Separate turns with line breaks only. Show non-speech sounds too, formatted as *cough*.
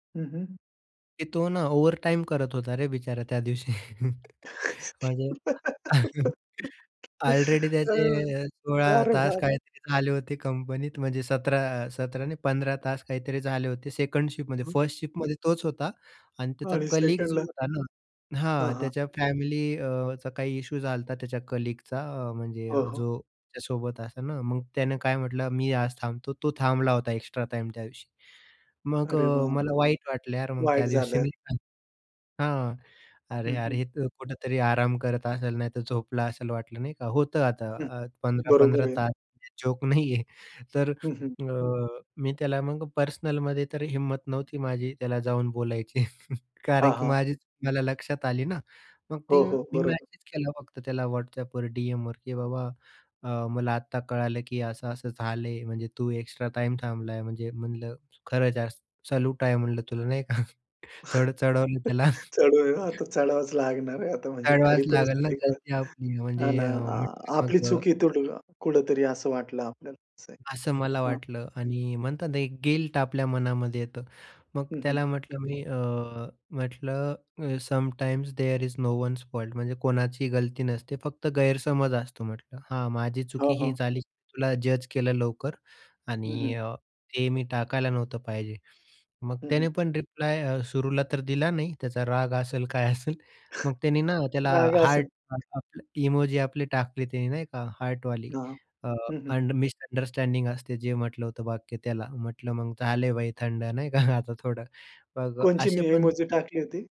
हं, हं.
की तो ना, ओव्हरटाईम करत होता रे बिचारा त्या दिवशी, म्हणजे *chuckles*
*giggles*
ऑलरेडी
बरोबर,
त्याचे 16
अरे
तास
बाप!
काहीतरी झाले होते कंपनीत, म्हणजे 17 17 नाही, 15 तास काहीतरी झाले होते सेकंड शिफ्टमध्ये,
हं.
फर्स्ट शिफ्टमध्ये तोच होता आणि त्याचा
आणि
कलीग जो
सेकंडला.
होता ना
हां,
हां,
हां.
त्याच्या फॅमिलीचा अ, काही इश्यू झाला होता त्याच्या कलीगचा म्हणजे
हो, हो.
जो त्यासोबत असा ना, मग त्यानं काय म्हटलं मी आज थांबतो. तो थांबला होता एक्स्ट्रा टाईम त्या दिवशी मग
अरे
अ,
बाप.
मला वाईट वाटलं यार मग त्या
वाईट
दिवशी
झालं.
नाही का. हां,
हं,
अरे-अरे
हं.
हे तर कुठेतरी आराम करत असेल नाहीतर झोपला असेल वाटलं, नाही का. होतं आता
हं,
अ,
बरोबर
15-15
आहे.
तास जोक नाही आहे तर
हं, हं.
अ, मी त्याला मग पर्सनलमध्ये तर हिंमत नव्हती माझी त्याला जाऊन बोलायची
हां,
कारण की
हां.
माझीच चूक मला लक्षात आली ना, मग ते
हो, हो.
मी
बरोबर.
मेसेज केला फक्त त्याला WhatsAPPवर डीएमवर की बाबा अ, मला आत्ता कळालं की असं-असं झालंय म्हणजे तू एक्स्ट्रा टाईम थांबलाय म्हणजे म्हणलं खरंच यार सॅल्यूट आहे म्हणलं तुला नाही का, थोड चढवलं त्याला.
*laughs* चढू द्या, आता चढावाच लागणार आहे आता म्हणजे
चढवावच
खरी
लागेल ना,
परिस्थितीत काय,
गलती आपलीये म्हणजे
हां ना,
अ,
आ
म्हटलं
आपली
मग अ
चुकी इथं कुठेतरी असं वाटलं आपल्याला असं आहे,
असं मला
हां.
वाटलं आणि म्हणतात ना, एक गिल्ट आपल्या मनामध्ये येतं, मग
हं, हं.
त्याला म्हटलं मी अ, म्हटलं अ, sometimes there is no one's fault म्हणजे कोणाचीही गलती नसते फक्त गैरसमज असतो म्हटलं. हां, माझी चुकी
हां,
ही
हां.
झाली तुला जज केलं लवकर
हं, हं.
आणि अ, ते मी टाकायला नव्हतं पाहिजे. मग
हं, हं.
त्याने पण रिप्लाय अ, सुरूला तर दिला नाही त्याचा राग असेल काय असेल. मग त्याने ना,
*chuckles*
त्याला
राग
हार्ट
असन.
*unintelligible* आपला इमोजी आपली टाकली त्याने नाही का हार्टवाली.
हां.
अ,
हं, हं.
अंड मिसअंडरस्टँडिंग असते जे म्हटलं होतं वाक्य त्याला, म्हटलं मग झाले भाई थंड नाही का आता थोडं. मग
कोणती
असे
मी
पण
इमोजी टाकली होती?